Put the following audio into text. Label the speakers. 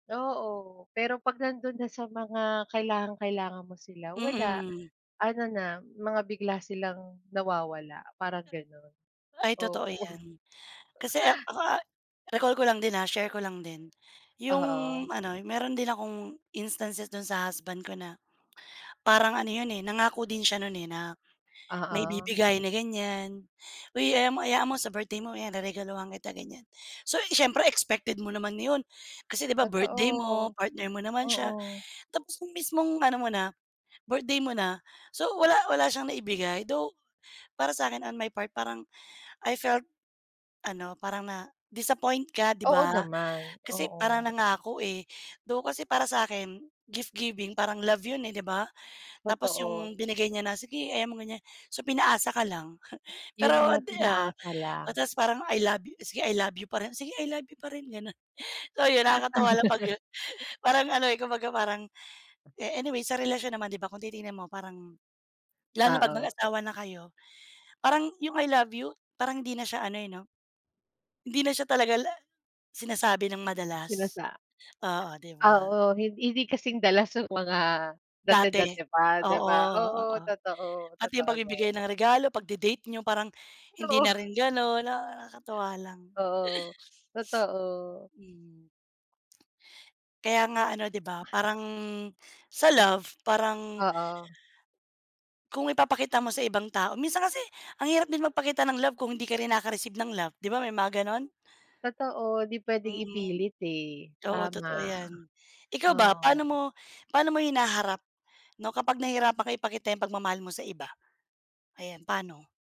Speaker 1: Oo, pero 'pag nandun na sa mga kailangang kailangan mo sila wala,
Speaker 2: Mm.
Speaker 1: ano na mga bigla silang nawawala parang gano'n,
Speaker 2: Ay totoo
Speaker 1: oo.
Speaker 2: 'yan. Kasi ak ako, ah, recall ko lang din ha, share ko lang din. 'Yong
Speaker 1: Oo.
Speaker 2: ano, meron din akong instances do'n sa husband ko na, parang ano 'yon eh nangako din siya no'n, eh, na may
Speaker 1: Oo.
Speaker 2: ibibigay na ganiyan "Uy alam mo, hayaan mo sa birthday mo ayan reregaluhan kita." Ganiyan. So, eh, siyempre expected mo naman 'yon, kasi 'di ba birthday mo,
Speaker 1: Totoo,
Speaker 2: partner mo naman siya,
Speaker 1: oo.
Speaker 2: tapos 'yong mismong ano mo na, birthday mo na, so wala wala siyang naibigay, though para sa akin on my part parang I felt ano, parang na disappoint ka 'di
Speaker 1: Oo
Speaker 2: ba,
Speaker 1: naman,
Speaker 2: kasi
Speaker 1: oo.
Speaker 2: parang nangako, eh, though kasi para sa akin gift-giving parang love 'yon eh, 'di ba. Tapos
Speaker 1: Totoo.
Speaker 2: 'yong binigay niya na, sige hayaan mo ganiyan, so pinaasa ka lang,
Speaker 1: 'Yun
Speaker 2: pero
Speaker 1: nga
Speaker 2: at the ah,
Speaker 1: pinaasa
Speaker 2: o
Speaker 1: lang.
Speaker 2: ta's parang I love you, sige I love you pa rin, sige I love you pa rin, gano'n. So 'yon nakakatawa lang 'pag, ah, parang ano eh kumbaga parang, eh, anyway sa relasyon naman 'di ba kung titingin mo parang, lalo na pag
Speaker 1: Oo.
Speaker 2: mag-asawa na kayo parang 'yung I love you, parang hindi na siya ano eh 'no, hindi na siya talaga la sinasabi nang madalas.
Speaker 1: Sinasa
Speaker 2: Oo, 'di ba.
Speaker 1: oo hin hindi kasing dalas nung mga
Speaker 2: Dati,
Speaker 1: dati-dati pa 'di
Speaker 2: oo,
Speaker 1: ba. Oo
Speaker 2: oo.
Speaker 1: totoo,
Speaker 2: Pati 'yong
Speaker 1: totoo 'yan.
Speaker 2: pagbibigay ng regalo, pagde-date n'yo, parang hindi
Speaker 1: Oo.
Speaker 2: na rin gano'n na nakakatuwa lang.
Speaker 1: Oo, totoo.
Speaker 2: Mm. Kaya nga ano 'di ba, parang sa love, parang
Speaker 1: Oo.
Speaker 2: Kung ipapakita mo sa ibang tao, minsan kasi ang hirap din magpakita ng love kung hindi ka rin nakaka-receive ng love, 'di ba may mga gano'n?
Speaker 1: Totoo, 'di puwedeng
Speaker 2: Mhm.
Speaker 1: ipilit eh,
Speaker 2: Oo
Speaker 1: tama,
Speaker 2: totoo 'yan. Ikaw ba,
Speaker 1: oo.
Speaker 2: paano mo paano mo hinaharap 'no kapag nahirapan ka ipakita 'yung pagmamahal mo sa iba, ayan paano?